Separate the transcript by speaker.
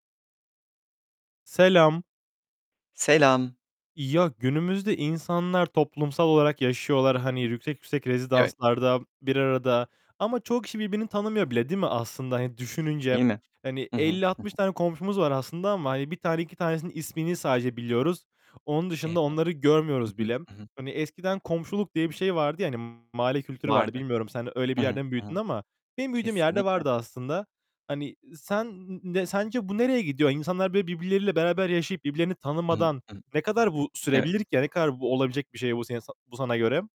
Speaker 1: Selam.
Speaker 2: Selam.
Speaker 1: Ya, günümüzde insanlar toplumsal olarak yaşıyorlar. Hani yüksek yüksek
Speaker 2: Evet.
Speaker 1: rezidanslarda bir arada ama çoğu kişi birbirini tanımıyor bile, değil mi aslında? Hani,
Speaker 2: Değil
Speaker 1: düşününce,
Speaker 2: mi?
Speaker 1: hani,
Speaker 2: Hı hı,
Speaker 1: elli
Speaker 2: hı
Speaker 1: altmış
Speaker 2: hı.
Speaker 1: tane komşumuz var aslında ama, hani, 1 tane, 2 tanesinin ismini sadece biliyoruz. Onun
Speaker 2: Evet.
Speaker 1: dışında onları
Speaker 2: Hı
Speaker 1: görmüyoruz
Speaker 2: hı,
Speaker 1: bile.
Speaker 2: hı hı.
Speaker 1: Hani eskiden komşuluk diye bir şey vardı, yani mahalle kültürü vardı.
Speaker 2: Vardı.
Speaker 1: Bilmiyorum sen öyle bir
Speaker 2: Hı hı,
Speaker 1: yerde mi
Speaker 2: hı hı.
Speaker 1: büyüdün ama benim büyüdüğüm yerde
Speaker 2: Kesinlikle.
Speaker 1: vardı aslında. Hani, sen ne sence bu nereye gidiyor? İnsanlar böyle birbirleriyle beraber yaşayıp birbirlerini
Speaker 2: Hı hı,
Speaker 1: tanımadan
Speaker 2: hı hı.
Speaker 1: ne kadar bu
Speaker 2: Evet.
Speaker 1: sürebilir ki? Ya, ne kadar bu olabilecek bir şey bu senin sa bu sana göre?